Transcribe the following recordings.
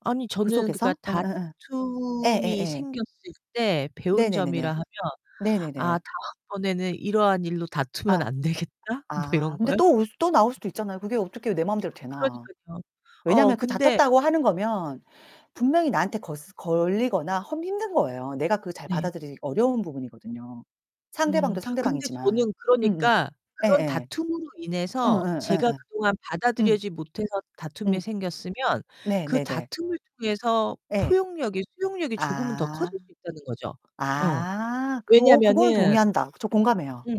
아니, 그 저는 그니까 속에서? 응응응. 예, 다툼이 예예. 생겼을 때 네 배운 네네네. 점이라 하면 네. '아, 네네. 다음번에는 이러한 일로 다투면 아 안 되겠다.' 뭐 아 이런 근데 거요? 또 올 또 나올 수도 있잖아요. 그게 어떻게요 내 마음대로 되나. 그러니깐요. 어, 왜냐면 그 근데 다쳤다고 하는 거면 분명히 나한테 거스 걸리거나 험 힘든 거예요. 내가 그걸 잘 네. 받아들이기 어려운 부분이거든요. 음 상대방도 근데 상대방이지만. 저는 음음 그러니까 그런 예예. 다툼으로 인해서 응응 제가 예예 그동안 응. 받아들이지 못해서 다툼이 응. 생겼으면 네 그 네네. 다툼을 통해서 예. 포용력이 수용력이 조금은 더 아. 커질 수 있다는 거죠. 어 아 그 어 그거는 왜냐면은 동의한다. 저 공감해요. 응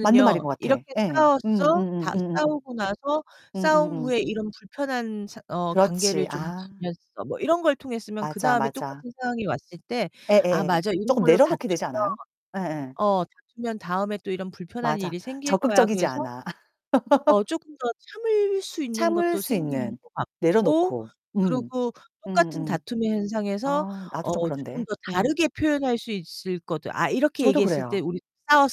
맞는 말인 것 같아. 이렇게 예예 음 싸워서 음음 다 음음음. 싸우고 나서 음 음 싸운 음. 후에 이런 불편한 사 어 관계를 그렇지, 좀 아. 지났어 뭐 이런 걸 통했으면 그 맞아 다음에 맞아. 똑같은 상황이 왔을 때 예 아 예. 맞아 이런 쪼끔 걸로 내려놓게 되지 다투면. 않아요? 예 예. 어, 다투면 다음에 또 이런 불편한 맞아, 일이 생길 거야. 적극적이지 그래서. 않아. 어 조금 더 참을 수 있는 참을 것도 수 생기는 있는 것 같고 내려놓고. 음 그리고 음 똑같은 음. 다툼의 현상에서 아 나도 좀 어 조금 그런데. 더 음. 다르게 표현할 수 있을 거다. 아 이렇게 저도 얘기했을 때 그래요. 우리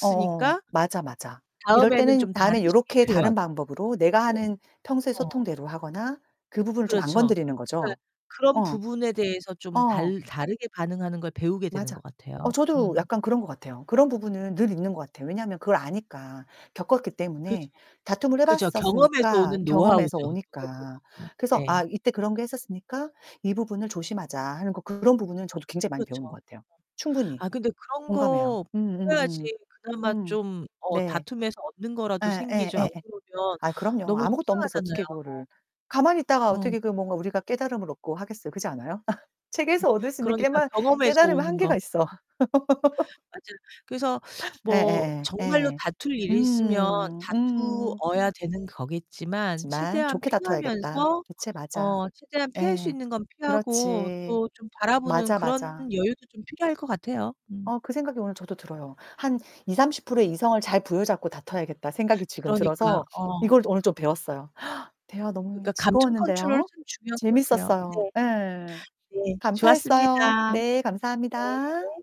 어 어 맞아 맞아. 이럴 다음에는 때는 좀 다른 다음에 식의 요렇게 표현. 다른 방법으로 내가 네. 하는 평소의 어. 소통대로 하거나 그 부분을 좀 안 그렇죠. 건드리는 그니까 거죠. 그런 어. 부분에 대해서 좀 어. 달 다르게 반응하는 걸 배우게 되는 맞아. 것 어 같아요. 저도 음. 약간 그런 것 같아요. 그런 부분은 늘 있는 것 같아요. 왜냐하면 그걸 아니까 겪었기 그죠. 때문에 다툼을 해 그죠. 경험에서 봤었으니까 오는 경험에서 노하우죠. 경험에서 오니까. 음 그래서 아 네. 이때 그런 게 했었으니까 이 부분을 조심하자 하는 거 그런 부분은 저도 굉장히 많이 배우는 그렇죠. 것 같아요. 네. 충분히 아 근데 그런 공감해요. 거 음 음 보여야지 음. 그나마 음. 좀 어 네. 다툼에서 얻는 거라도 예, 예, 생기죠. 안 예, 예. 그러면 아 그럼요. 너무 아무것도 없는 데서 속상하잖아요. 어떻게 그거를. 가만히 있다가 어. 어떻게 그 뭔가 우리가 깨달음을 얻고 하겠어요. 그렇지 않아요? 음 책에서 얻을 수 있는 그러니까 깨말 경험에서 깨달음의 오는 한계가 거. 있어. 맞아요. 그래서 예 뭐 예예 정말로 예. 다툴 일이 있으면 음. 음. 다투어야 되는 거겠지만 하지만 최대한 좋게 다퉈야겠다. 피하면서 그치 맞아. 어 최대한 피할 수 예. 있는 건 피하고 그렇지. 또 좀 바라보는 맞아. 그런 맞아. 여유도 좀 필요할 거 같아요. 음. 어 그 생각이 오늘 저도 들어요. 한 20~30% 의 이성을 잘 부여잡고 다퉈야겠다 생각이 지금 그러니까요. 들어서 어. 이걸 오늘 좀 배웠어요. 대화 너무 그러니까 감정 컨트롤이 즐거웠는데요. 참 중요한 것 같아요. 재밌었어요 네. 예 예예예예. 네, 감사했어요. 좋았습니다. 네 네. 감사합니다.